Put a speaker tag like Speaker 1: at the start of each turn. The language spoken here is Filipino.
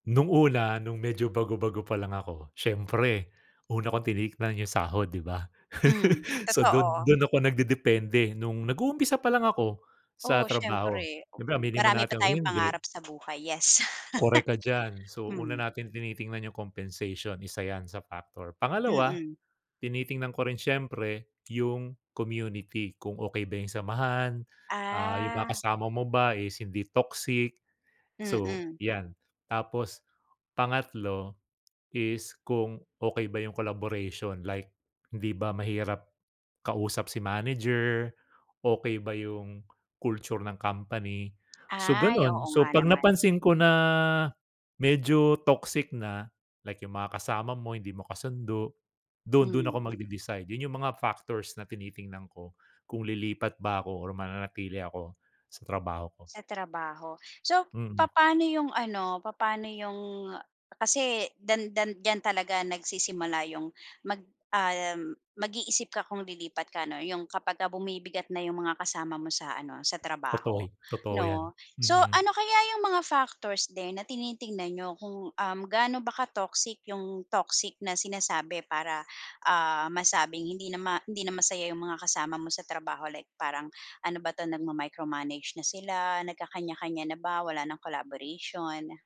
Speaker 1: Nung una, nung medyo bago-bago pa lang ako, siyempre una kong tinignan yung sahod, 'di ba?
Speaker 2: Hmm,
Speaker 1: So, dun
Speaker 2: totoo.
Speaker 1: dun ako nagdedepende nung nag-uumpisa pa lang ako sa
Speaker 2: Oo,
Speaker 1: trabaho.
Speaker 2: siyempre.
Speaker 1: Siyempre
Speaker 2: M
Speaker 1: aminin man
Speaker 2: Marami pa
Speaker 1: natin o
Speaker 2: tayong
Speaker 1: hindi
Speaker 2: pangarap sa buhay, yes.
Speaker 1: Korek ka diyan. So, una
Speaker 2: Mm.
Speaker 1: natin tinitingnan yung compensation, isa yan sa factor. Pangalawa,
Speaker 2: Mm.
Speaker 1: tinitingnan ko rin siyempre yung community kung okey ba yung samahan, ah, yung mga
Speaker 2: Ah.
Speaker 1: kasama mo ba is hindi toxic, so
Speaker 2: Mm.
Speaker 1: 'yan. Tapos pangatlo, is kung okey ba yung collaboration like hindi ba mahirap kausap si manager, okey ba yung culture ng company, so
Speaker 2: Ay,
Speaker 1: ganun.
Speaker 2: oo
Speaker 1: So,
Speaker 2: nga
Speaker 1: 'pag
Speaker 2: naman.
Speaker 1: napansin ko na medyo toxic na, like yung mga kasama mo hindi mo kasundo, dun dun ako
Speaker 2: Mm.
Speaker 1: magde-decide. Yun yung mga factors na tinitingnan ko kung lilipat ba ako or mananatili ako sa trabaho ko.
Speaker 2: Sa trabaho? So,
Speaker 1: Mm.
Speaker 2: papa'no yung ano, papa'no 'yong kasi dan dan diyan talaga nagsisimula yung mag ah, mag-iisip ka kung lilipat ka 'no. Yung kapagka bumibigat na 'yong mga kasama mo sa ano, sa
Speaker 1: Totoy
Speaker 2: trabaho
Speaker 1: totoo 'yan.
Speaker 2: 'no.
Speaker 1: Mm,
Speaker 2: So,
Speaker 1: mm.
Speaker 2: ano kaya yung mga factors din na tinitignan niyo kung, um, kung gaano ba ka-toxic yung toxic na sinasabi para, ah, masabing hindi na ma hindi na masaya yung mga kasama mo sa trabaho like parang ano ba 'to, nagma-micromanage na sila, nagkakanya-kanya na ba, wala ng collaboration?